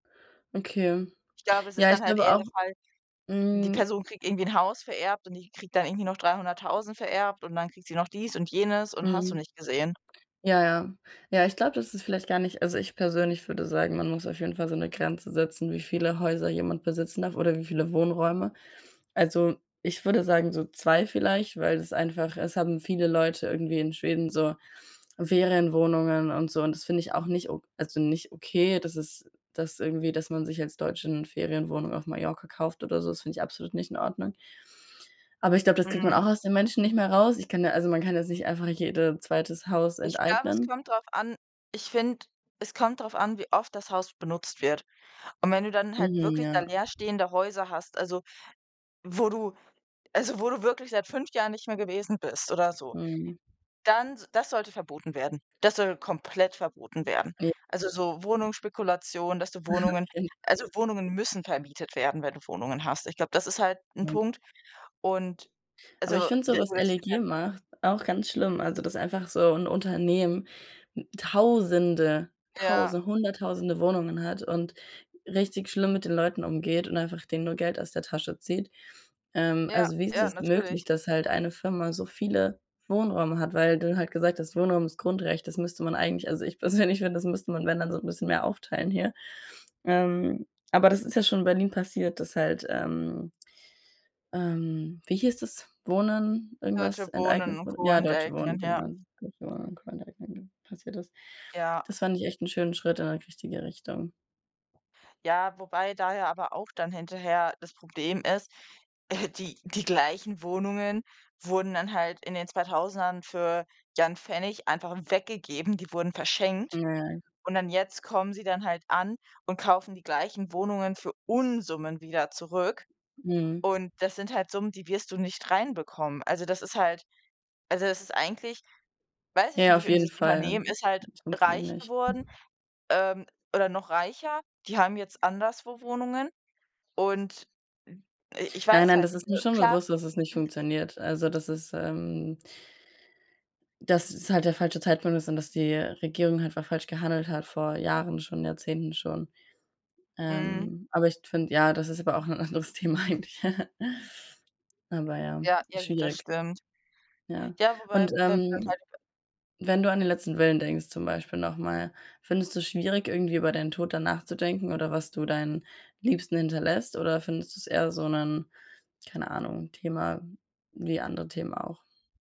Okay. Ich glaube, es ist Ja, ich dann halt glaube eher auch. der Fall, die Hm. Person kriegt irgendwie 'n Haus vererbt und die kriegt dann irgendwie noch 300.000 vererbt und dann kriegt sie noch dies und jenes und hast du Mhm. nicht gesehen. Ja, ja. Ja, ich glaube, das ist vielleicht gar nicht also, ich persönlich würde sagen, man muss auf jeden Fall so 'ne Grenze setzen, wie viele Häuser jemand besitzen darf oder wie viele Wohnräume. Also, ich würde sagen, so 2 vielleicht, weil das einfach es haben viele Leute irgendwie in Schweden so Ferienwohnungen und so und das finde ich auch nicht o also, nicht okay, dass ist das irgendwie, dass man sich als Deutsche 'ne Ferienwohnung auf Mallorca kauft oder so, das finde ich absolut nicht in Ordnung. Aber ich glaube, das kriegt man Mhm. auch aus den Menschen nicht mehr raus. Ich kann da also, man kann jetzt nicht einfach jede 2. Haus Ich glaube, es enteignen. kommt drauf an ich finde, es kommt drauf an, wie oft das Haus benutzt wird. Und wenn du dann halt Mhm, wirklich da ja. leer stehende Häuser hast, also, wo du also, wo du wirklich seit 5 Jahren nicht mehr gewesen bist oder so, Mhm. dann s das sollte verboten werden. Das soll komplett verboten werden. Ja. Also, so Wohnungsspekulation, dass du Mhm, Wohnungen stimmt. also, [unintelligible] Wohnungen müssen vermietet werden, wenn du Wohnungen hast. Ich glaube, das ist halt 'n Nein. Punkt. Und, Aber ich also, finde so, der was oberste LEG Teil. macht, auch ganz schlimm, also, dass einfach so 'n Unternehmen, hm, tausende, Ja. tause hunderttausende Wohnungen hat und richtig schlimm mit den Leuten umgeht und einfach denen nur Geld aus der Tasche zieht. Ähm, Ja, also, wie ist ja, es möglich, natürlich. dass halt eine Firma so viele Wohnräume hat, weil du halt gesagt hast: „Wohnraum ist Grundrecht“, das müsste man eigentlich also, ich persönlich finde, das müsste man, wenn dann so 'n bisschen mehr aufteilen hier. Ähm, aber das ist ja schon in Berlin passiert, dass halt, ähm, ähm, wie hieß das, Wohnen irgendwas Deutsche Wohnen enteignet und wurde? Co Ja, Deutsche Wohnen, enteignen, ja. genau, wo man irgendwann enteignet, passiert ist. Ja. Das fand ich echt 'n schönen Schritt in 'ne richtige Richtung. Ja, wobei daher aber auch dann hinterher das Problem ist, die die gleichen Wohnungen wurden dann halt in den Zweitausendern für, ja, 'n Pfennig einfach weggegeben, die wurden Hm, verschenkt. ja, ja. Und dann jetzt kommen sie dann halt an und kaufen die gleichen Wohnungen für Unsummen wieder zurück. Mhm. Und das sind halt Summen, die wirst du nicht reinbekommen. Also, das ist halt also, das ist eigentlich weiß ich Ja, auf nicht, und jeden dieses Fall. Unternehmen ist halt Es funktioniert reich nicht. geworden, ähm, oder noch reicher. Die haben jetzt anderswo Wohnungen und, hm, i ich Nein, weiß nein, halt das nicht. ist mir Äh, schon klar bewusst, dass es nicht [unintelligible] funktioniert. Also dass es, ähm das es halt der falsche Zeitpunkt ist und dass die Regierung einfach falsch gehandelt hat vor Jahren, schon Jahrzehnten, schon, Mhm. ähm, aber ich finde ja, das ist aber auch 'n anderes Thema eigentlich. Aber ja, Ja, ja ist gut, das schwierig. stimmt. Ja. Ja, wobei Und, wenn wir dann ähm, halt [unintelligible] wenn du an den letzten Willen denkst zum Beispiel noch mal, findest du's schwierig, irgendwie über deinen Tod dann nachzudenken oder was du deinen Liebsten hinterlässt oder findest du's eher so 'nen, keine Ahnung, Thema wie andere Themen auch?